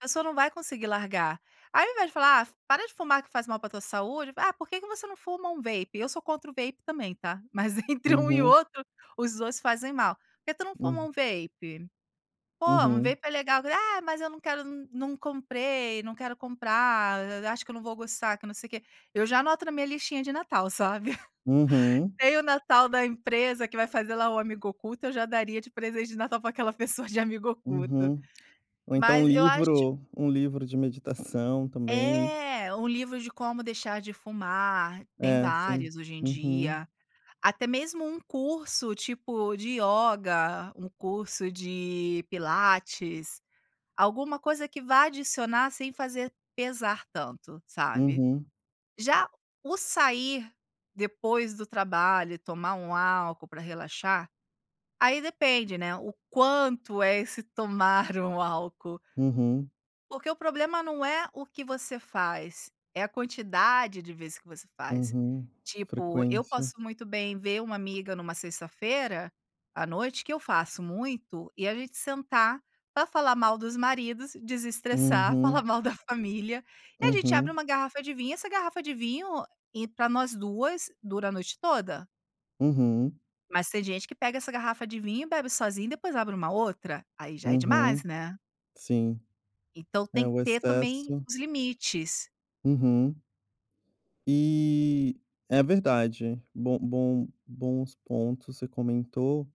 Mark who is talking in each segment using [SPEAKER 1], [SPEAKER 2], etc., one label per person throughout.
[SPEAKER 1] A pessoa não vai conseguir largar. Aí, ao invés, de falar: "Ah, para de fumar, que faz mal para tua saúde. Ah, por que que você não fuma um vape?" Eu sou contra o vape também, tá, mas, entre um e
[SPEAKER 2] Uhum.
[SPEAKER 1] outro, os 2 fazem mal. "Por que tu não fuma um
[SPEAKER 2] Hum.
[SPEAKER 1] vape? Pô, um
[SPEAKER 2] Uhum.
[SPEAKER 1] vape é legal". "Ah, mas eu não quero, n não comprei, não quero comprar, a acho que eu não vou gostar, que não sei o quê". Eu já anoto na minha listinha de Natal, sabe.
[SPEAKER 2] Uhum.
[SPEAKER 1] Nem o Natal da empresa, que vai fazer lá o amigo oculto, eu já daria de presente de Natal para aquela pessoa de amigo oculto.
[SPEAKER 2] Uhum. Ou então
[SPEAKER 1] Mas eu acho
[SPEAKER 2] livro, um livro de meditação também.
[SPEAKER 1] É, um livro de como deixar de fumar. Tem
[SPEAKER 2] É, sim,
[SPEAKER 1] vários hoje em
[SPEAKER 2] uhum.
[SPEAKER 1] dia. Até mesmo um curso, tipo, de ioga, um curso de pilates, alguma coisa que vá adicionar sem fazer pesar tanto, sabe.
[SPEAKER 2] Uhum.
[SPEAKER 1] Já o sair, depois do trabalho e tomar um álcool para relaxar, aí depende, né, o quanto é esse tomar um álcool.
[SPEAKER 2] Uhum.
[SPEAKER 1] Porque o problema não é o que você faz, é a quantidade de vezes que você faz.
[SPEAKER 2] Uhum.
[SPEAKER 1] Tipo, eu
[SPEAKER 2] Frequência.
[SPEAKER 1] posso muito bem, ver uma amiga numa sexta-feira à noite, que eu faço muito, e a gente sentar para falar mal dos maridos, desestressar, falar
[SPEAKER 2] Uhum.
[SPEAKER 1] mal da família, e a gente abre
[SPEAKER 2] Uhum.
[SPEAKER 1] uma garrafa de vinho. Essa garrafa de vinho i para nós 2 dura a noite toda.
[SPEAKER 2] Uhum.
[SPEAKER 1] Mas tem gente que pega essa garrafa de vinho e bebe sozinha, e depois abre uma outra. Aí já é demais,
[SPEAKER 2] Uhum.
[SPEAKER 1] né.
[SPEAKER 2] Sim,
[SPEAKER 1] Então tem
[SPEAKER 2] é
[SPEAKER 1] que
[SPEAKER 2] o
[SPEAKER 1] ter também
[SPEAKER 2] excesso.
[SPEAKER 1] os limites.
[SPEAKER 2] Uhum. E, é verdade, bom bom bons pontos, você comentou,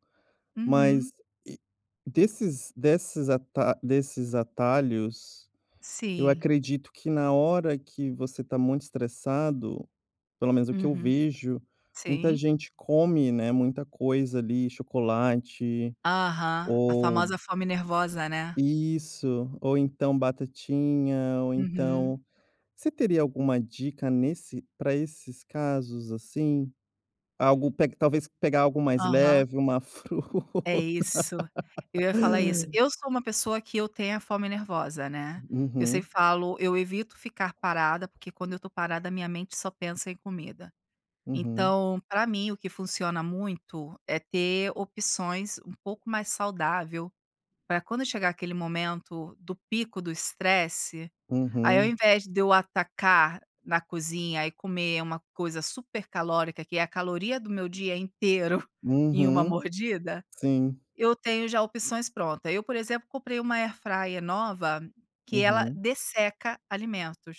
[SPEAKER 1] Uhum.
[SPEAKER 2] mas, eh, desses desses ata desses atalhos, eu
[SPEAKER 1] Sim.
[SPEAKER 2] acredito que na hora que você está muito estressado, pelo menos o que eu
[SPEAKER 1] Uhum.
[SPEAKER 2] vejo, muita
[SPEAKER 1] Sim.
[SPEAKER 2] gente come, né, muita coisa ali, chocolate,
[SPEAKER 1] Aham, a
[SPEAKER 2] ou
[SPEAKER 1] famosa fome nervosa, né.
[SPEAKER 2] Isso ou então batatinha ou
[SPEAKER 1] Uhum.
[SPEAKER 2] então Você teria alguma dica nesse para esses casos, assim? Algo pega talvez pegar algo mais
[SPEAKER 1] Aham.
[SPEAKER 2] leve, uma
[SPEAKER 1] É
[SPEAKER 2] fruta?
[SPEAKER 1] isso, eu ia falar isso. Eu sou uma pessoa que eu tenho a fome nervosa, né. Eu
[SPEAKER 2] Uhum.
[SPEAKER 1] sempre falo: eu evito ficar parada, porque quando eu estou parada, a minha mente só pensa em comida.
[SPEAKER 2] Uhum.
[SPEAKER 1] Então, para mim, o que funciona muito é ter opções um pouco mais saudável, para quando chegar aquele momento do pico do estresse. Aí, ao
[SPEAKER 2] Uhum.
[SPEAKER 1] invés, de eu atacar na cozinha e comer uma coisa super calórica, que é a caloria do meu dia inteiro em uma
[SPEAKER 2] Uhum,
[SPEAKER 1] mordida,
[SPEAKER 2] sim.
[SPEAKER 1] eu tenho já opções pronta. Eu, por exemplo, comprei uma Air Fryer nova, que ela
[SPEAKER 2] Uhum.
[SPEAKER 1] desseca alimentos.